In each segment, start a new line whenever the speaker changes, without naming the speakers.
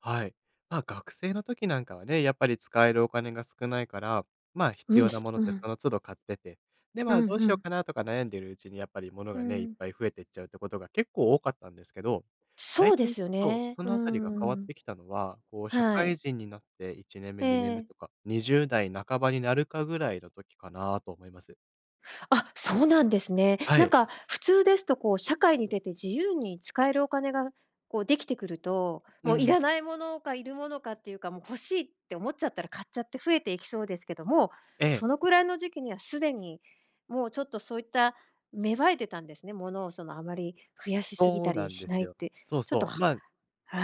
はい。ま、学生の時なんかはね、やっぱり使えるお金が少ないから、まあ、必
うん、
要なものっ
う
てそ
ん。
の都度買ってて、で、
う
まあ、
ん、
どう
ふ
しよう
ん。
かなとか悩んでいるうちにやっぱり物
ふ
がね、いっ
ん。
ぱい増えていっちゃうってことが結構多かったんですけど、だ
そ
い
うで
たい
すよ
そう、
ね、
そ
うー
のあたりが変わっ
ん。
てきたのは、こう社
は
会
い。
人になって1年目
え
2年目
え。
とか、20代半ばになるかぐらいの時かなと思います。
あ、そうなんですね。
は
なん
い。
か普通ですとこう、社会に出て自由に使えるお金がこうできてくると、
う
もうい
ん。
らない物かいる物かっていうか、もう「欲しい」って思っちゃったら買っちゃって増えていきそうですけども、
ええ。
そのくらいの時期にはすでに、もうちょっとそういった芽生えてたんですね、物をそのあまり増やしすぎ
そ
た
うな
り
んで
しな
す
いっ
よ。
て。
そう
ちょっと
そう、
は
まあ、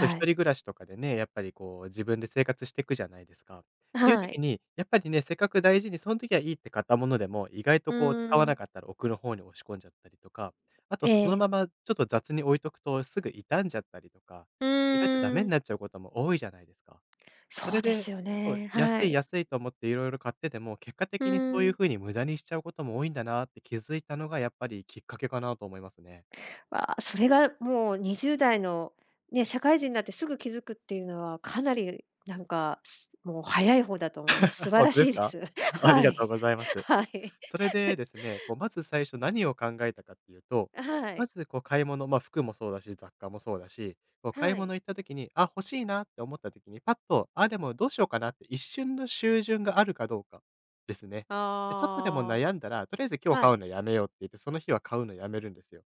と、一
い。
人暮らしとかでね、やっぱりこう自分で生活してくじゃないですか。
あ、
ていう
は
時
い。
に、やっぱりね、せっかく大事にそん時はいいって買ったものでも、意外と
う
こう使わ
ー
な
ん。
かったら、奥の方に押し込んじゃったりとか、あと、
え
その
え。
ままちょっと雑に置いとくとすぐ痛んじゃったりとか、
うん、う
意外とダメ
ー
に
ん。
なっちゃうことも多いじゃないですか。
そ
そ
う
れ
です
で、
よ
そう、
ね。
安
は
い
い。
安いと思っていろいろ買ってても、結果
ふ
的にそういう
ん。
風に無駄にしちゃうことも多いんだなって気づいたのがやっぱりきっかけかなと思いますね。
わ、それがるもう20代の、ね、社会人なってすぐ気づくっていうのはかなりなんか、すもう早い方だと思います。素 晴
ほん
ら
とで
し
す
いで
か。
す。
あり
は
がとう
い、
ございます。
はい。
それでで すね、こうまず最初何を考えたかっていうと、
あ、は
ま
い。
ずこう買い物、ま、服もそうだし、雑貨もそうだし、もう買
は
い
い。
物行った時に、「あ、欲しいな」って思った時に、パッと、「あ、でもどうしようかな」って、一瞬の秀潤があるかどうかですね。で、ちょっとでも
あ
悩んだら、「とりあえず
あ。
今日
は
買う
い。
のやめよう」って言って、その日は買うのやめるんですよ。